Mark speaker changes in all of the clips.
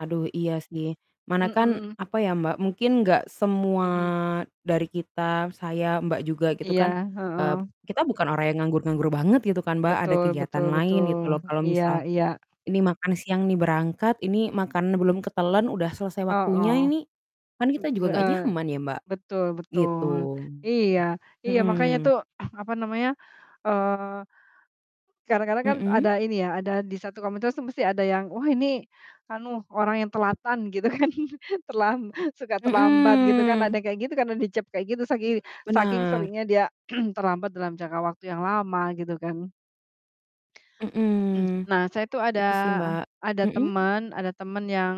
Speaker 1: Aduh iya sih. Mana kan
Speaker 2: Mhm.
Speaker 1: apa ya Mbak, mungkin enggak semua
Speaker 2: Mhm.
Speaker 1: dari kita, saya, Mbak juga gitu kan,
Speaker 2: Iya,
Speaker 1: eee,
Speaker 2: heeh.
Speaker 1: kita bukan orang yang nganggur-nganggur banget gitu kan Mbak, ada
Speaker 2: Betul betul
Speaker 1: kegiatan lain
Speaker 2: betul.
Speaker 1: gitu loh. Kalau
Speaker 2: Iya
Speaker 1: misal
Speaker 2: iya.
Speaker 1: ini makan siang nih berangkat, ini makanan belum ketelen udah selesai waktunya
Speaker 2: Heeh.
Speaker 1: ini, kan
Speaker 2: M
Speaker 1: kita juga enggak
Speaker 2: heeh.
Speaker 1: nyaman ya Mbak,
Speaker 2: Betul
Speaker 1: gitu.
Speaker 2: betul. Iya. Iya, makanya
Speaker 1: Mhm.
Speaker 2: tuh apa namanya, eee, kadang-kadang kan ada
Speaker 1: Mhm.
Speaker 2: ini ya, ada di 1 komunitas tuh mesti ada yang, "Wah, ini anu orang yang telatan," gitu kan, terlam suka terlambat gitu kan. Ada
Speaker 1: Mhm.
Speaker 2: yang kayak gitu karena dicap kayak gitu saking saking
Speaker 1: Benar.
Speaker 2: seringnya dia terlambat dalam jangka waktu yang lama gitu kan.
Speaker 1: Mhm.
Speaker 2: Nah, saya tuh ada
Speaker 1: Itu sih, Mbak.
Speaker 2: ada
Speaker 1: Mhm.
Speaker 2: temen ada temen yang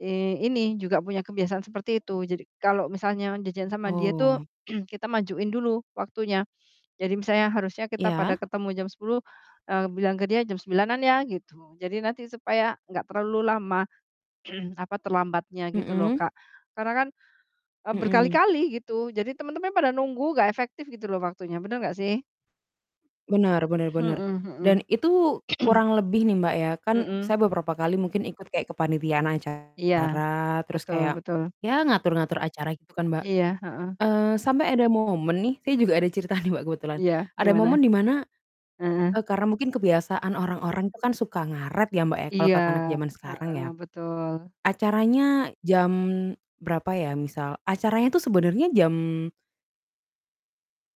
Speaker 2: i ini juga punya kebiasaan seperti itu. Jadi kalau misalnya janjian sama dia tuh
Speaker 1: Oh.
Speaker 2: kita majuin dulu waktunya. Jadi misalnya harusnya kita pada
Speaker 1: Ya.
Speaker 2: ketemu jam 10.00, eee, bilang ke dia, "Jam 9.00-an ya," gitu. Jadi nanti supaya nggak terlalu lama apa terlambatnya gitu loh
Speaker 1: Mhm.
Speaker 2: Kak, karena kan, eee,
Speaker 1: Mhm.
Speaker 2: berkali-kali gitu, jadi temen-temen pada nunggu nggak efektif gitu loh waktunya. Bener nggak sih?
Speaker 1: Benar benar
Speaker 2: M
Speaker 1: benar, dan
Speaker 2: mhm
Speaker 1: itu
Speaker 2: mhm.
Speaker 1: kurang lebih nih Mbak, ya kan
Speaker 2: Mhm.
Speaker 1: saya beberapa kali mungkin ikut kayak kepanitiaan
Speaker 2: Iya,
Speaker 1: acara terus
Speaker 2: betul
Speaker 1: kayak
Speaker 2: betul.
Speaker 1: ya ngatur-ngatur acara gitu kan, Mbak.
Speaker 2: Iya. Heeh.
Speaker 1: Eee, sampai ada momen nih saya juga ada cerita nih Mbak, kebetulan
Speaker 2: Iya,
Speaker 1: ada
Speaker 2: gimana?
Speaker 1: momen di mana, e
Speaker 2: Heeh.
Speaker 1: karena mungkin kebiasaan orang-orang itu kan suka ngaret ya Mbak, ya, kalau
Speaker 2: Iya.
Speaker 1: kata anak zaman sekarang ya.
Speaker 2: Heeh, betul.
Speaker 1: Acaranya jam berapa ya misal, acaranya itu sebenarnya jam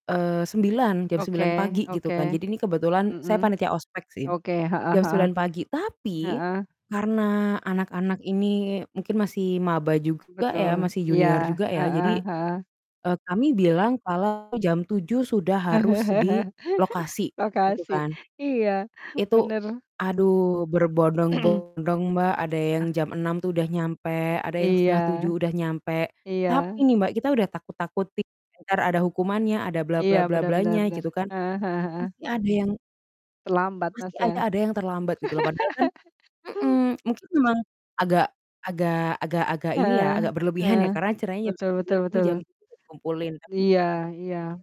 Speaker 1: eee, 9.00, jam
Speaker 2: Oke
Speaker 1: 9.00 pagi gitu kan.
Speaker 2: oke.
Speaker 1: Jadi, ini kebetulan saya
Speaker 2: Mhm.
Speaker 1: panitia ospek sih,
Speaker 2: Oke, heeh
Speaker 1: jam
Speaker 2: heeh.
Speaker 1: 9.00 pagi. Tapi
Speaker 2: Heeh.
Speaker 1: karena anak-anak ini mungkin masih maba juga ya
Speaker 2: Betul.
Speaker 1: masih
Speaker 2: Iya.
Speaker 1: junior juga ya
Speaker 2: Heeh
Speaker 1: jadi,
Speaker 2: heeh.
Speaker 1: e kami bilang kalau jam 7.00 sudah harus di lokasi gitu
Speaker 2: Lokasi.
Speaker 1: kan.
Speaker 2: Iya,
Speaker 1: Itu
Speaker 2: bener.
Speaker 1: aduh berbondong-bondong Mbak, ada yang
Speaker 2: Ah.
Speaker 1: jam 6.00 tuh udah nyampe, ada yang setengah
Speaker 2: Iya.
Speaker 1: tujuh udah nyampe.
Speaker 2: Iya.
Speaker 1: Tapi nih Mbak, kita udah takut-takutin entar ada
Speaker 2: Heeh.
Speaker 1: hukumannya ada, bla
Speaker 2: Iya,
Speaker 1: bla bla
Speaker 2: bener bener
Speaker 1: blanya
Speaker 2: bener.
Speaker 1: gitu kan,
Speaker 2: Heeh heeh heeh.
Speaker 1: masih ada yang
Speaker 2: Terlambat Mas,
Speaker 1: masih aja
Speaker 2: ya.
Speaker 1: ada yang terlambat gitu loh. Padahal kan mhm, mungkin memang agak agak agak agak ini ya,
Speaker 2: Heeh,
Speaker 1: agak berlebihan
Speaker 2: heeh.
Speaker 1: ya karena acaranya jam
Speaker 2: Betul betul
Speaker 1: 9.00 tapi jam
Speaker 2: betul.
Speaker 1: 7.00 udah dikumpulin kan.
Speaker 2: Iya iya.